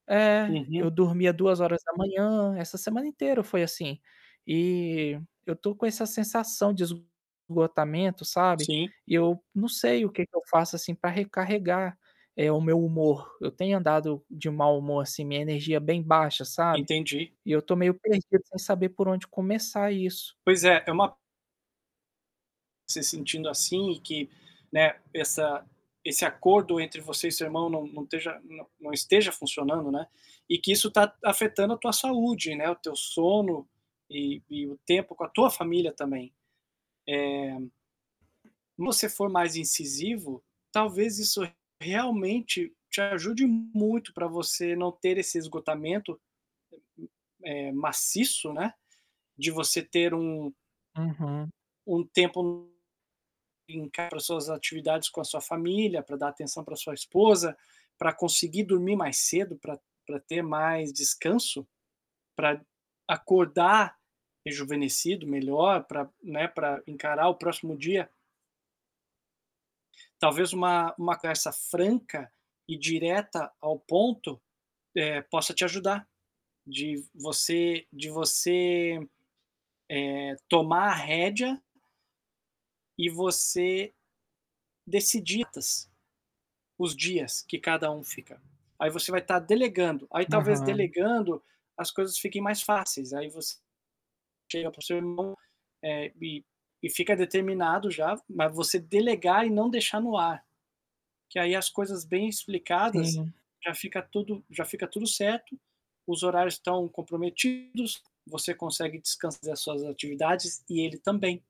É, Uhum. eu dormia 2h, essa semana inteira foi assim. E, eu tô com essa sensação de esgotamento, sabe, Sim. E eu não sei o que que eu faço, assim, pra recarregar, eh, o meu humor. Eu tenho andado de um mau humor assim, minha energia bem baixa, sabe, Entendi. e eu tô meio perdido, sem saber por onde começar isso. Pois é, é uma você sentindo assim e que, né, essa esse acordo entre você e seu irmão não não esteja não não esteja funcionando, né, e que isso tá afetando a tua saúde, né, o teu sono, e e o tempo com a tua família também. Eh se você for mais incisivo, talvez isso realmente te ajude muito pra você não ter esse esgotamento, eh hum eh, maciço, né, de você ter um Uhum. um tempo m [unintelligible] linkar as suas atividades com a sua família, pra dar atenção pra sua esposa, pra conseguir dormir mais cedo, pra pra ter mais descanso, pra acordar rejuvenescido, melhor pra né, pra encarar o próximo dia. Talvez uma uma conversa franca e direta ao ponto, eh, possa te ajudar, de você de você, eh, tomar a rédea e você decidir tas os dias que cada um fica. Aí você vai estar delegando. Aí talvez Aham. delegando, as coisas fiquem mais fáceis, aí você chega para o seu irmão, eh, e e fica determinado já, mas você delegar e não deixar no ar, que aí as coisas bem explicadas, Sim. já fica tudo já fica tudo certo, os horários estão comprometidos, você consegue descansar das suas atividades e ele também.